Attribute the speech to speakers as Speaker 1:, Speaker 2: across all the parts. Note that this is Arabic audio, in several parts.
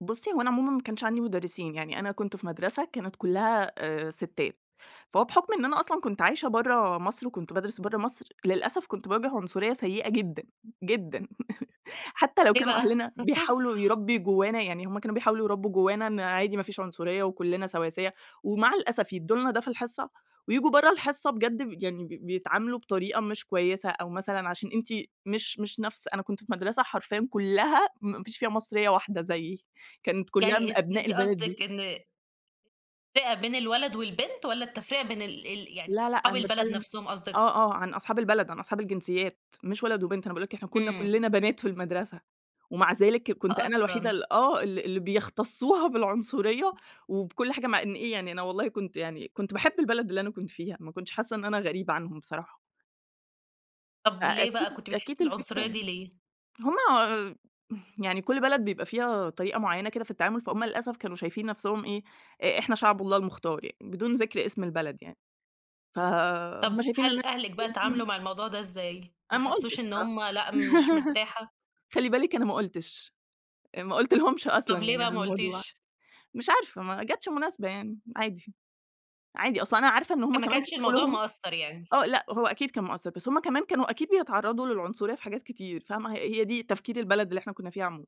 Speaker 1: بُصي، هو أنا عمومًا ما كانش عندي مدرِّسين، يعني أنا كنت في مدرسة كانت كلّها آآ، ستات، فهو بحُكم إن أنا أصلًا كنت عايشة برّه مصر وكنت بادرُس برّه مصر، للأسف كنت باواجِه عنصرية سيِّئة جدًا جدًا. حتّى لو
Speaker 2: إيه
Speaker 1: كانوا
Speaker 2: بقى؟
Speaker 1: أهلنا بيحاولوا يربُّي جوَّانا يعني هُم كانوا بيحاولوا يربُّوا جوَّانا إن عادي ما فيش عنصرية وكلُّنا سواسية، ومع الأسف يدُّوا لنا ده في الحصّة وييجوا برّه الحصّة بجد ب يعني ب بيتعاملوا بطريقة مش كويِّسة، أو مثلًا عشان أنتِ مش مش نفس أنا كنت في مدرسة حرفيًا كلّها ما فيش فيها مصريّة واحدة زيِّي، كانت كلّها من
Speaker 2: يعني اس
Speaker 1: أبناء
Speaker 2: أنتِ
Speaker 1: البلد دي.
Speaker 2: قصدِك إن تفرقة بين الولد والبنت والّا التفرقة بين ال ال يعني
Speaker 1: لأ لأ،
Speaker 2: أصحاب
Speaker 1: أنا
Speaker 2: البلد
Speaker 1: باتكلَّم
Speaker 2: نفسهم قصدِك؟
Speaker 1: آه، آه، عن أصحاب البلد، عن أصحاب الجنسيات، مش ولد وبنت، أنا باقول لك إحنا كنّا
Speaker 2: إمم.
Speaker 1: كلنا بنات في المدرسة، ومع ذلك كنت أنا الوحيدة
Speaker 2: أصلًا.
Speaker 1: ال آه، ال اللي بيختصُّوها بالعنصرية وبكل حاجة، مع إن إيه يعني أنا والله كنت يعني كنت باحِب البلد اللي أنا كنت فيها، ما كنتش حاسّة إن أنا غريبة عنهُم بصراحة. أ
Speaker 2: طَب ليه
Speaker 1: أكيد
Speaker 2: بقى كنتِ
Speaker 1: أكيد
Speaker 2: بتحسي
Speaker 1: الفكرة
Speaker 2: العنصرية دي ليه؟
Speaker 1: هُم آآ، يعني كل بلد بيبقى فيها طريقة معيَّنة كده في التعامل، فهُم للأسف كانوا شايفين نفسهم إيه، إ إحنا شعب الله المختار، يعني بدون ذِكر اسم البلد يعني.
Speaker 2: طَب
Speaker 1: فهُم شايفين
Speaker 2: هل أهلِك بقى اتعاملوا
Speaker 1: [unintelligible]
Speaker 2: مع الموضوع ده إزاي؟ ما
Speaker 1: أنا ما
Speaker 2: حسوش
Speaker 1: قُلتش
Speaker 2: إن
Speaker 1: بصراحة،
Speaker 2: هُم لأ مش مرتاحة؟
Speaker 1: خلِّي بالِك، أنا ما قُلتش، ما قُلتلهُمش أصلًا
Speaker 2: طب ليه
Speaker 1: يعني
Speaker 2: بقى
Speaker 1: على
Speaker 2: ما
Speaker 1: الموضوع.
Speaker 2: قلتيش؟
Speaker 1: مش عارفة، ما جاتش مناسبة يعني، عادي. عادي أصلًا، أنا عارفة إن هُم
Speaker 2: ما
Speaker 1: كمان في
Speaker 2: كانش الموضوع
Speaker 1: شغلهم.
Speaker 2: مأثر يعني؟
Speaker 1: آه لأ، هو أكيد كان مأثِّر، بس هُمَّ كمان كانوا أكيد بيتعرَّضوا للعنصرية في حاجات كتير، فاهمة؟ هي هي دي تفكير البلد اللي إحنا كنّا فيها عمومًا.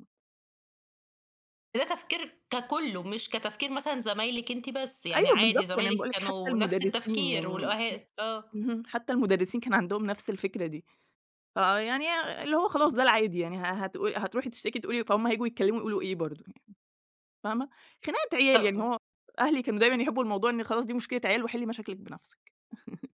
Speaker 2: ده تفكير ككله، مش كتفكير مثلًا زمايلِك أنتِ بس، يعني
Speaker 1: أيوَه
Speaker 2: عادي
Speaker 1: بالضبط، يعني أنا
Speaker 2: زمايلِك
Speaker 1: باقول لِك حتّى
Speaker 2: كانوا نفس
Speaker 1: المدرِّسين
Speaker 2: التفكير
Speaker 1: يعني م
Speaker 2: والأه آه.
Speaker 1: اهم، حتّى المدرِّسين كان عندهُم نفس الفكرة دي. فيعني اللي هو خلاص، ده العادي يعني. ه هتقو هتروحي تشتِكي، تقولي فهُم هييجوا يتكلَّموا يقولوا إيه برضه؟ يعني فاهمة؟ خناقة عيال يعني.
Speaker 2: طَب
Speaker 1: هو أهلي كانوا دايمًا يحِبُّوا الموضوع إن خلاص دي مشكلة عيال وحِلِّي مشاكلِك بنفسِك.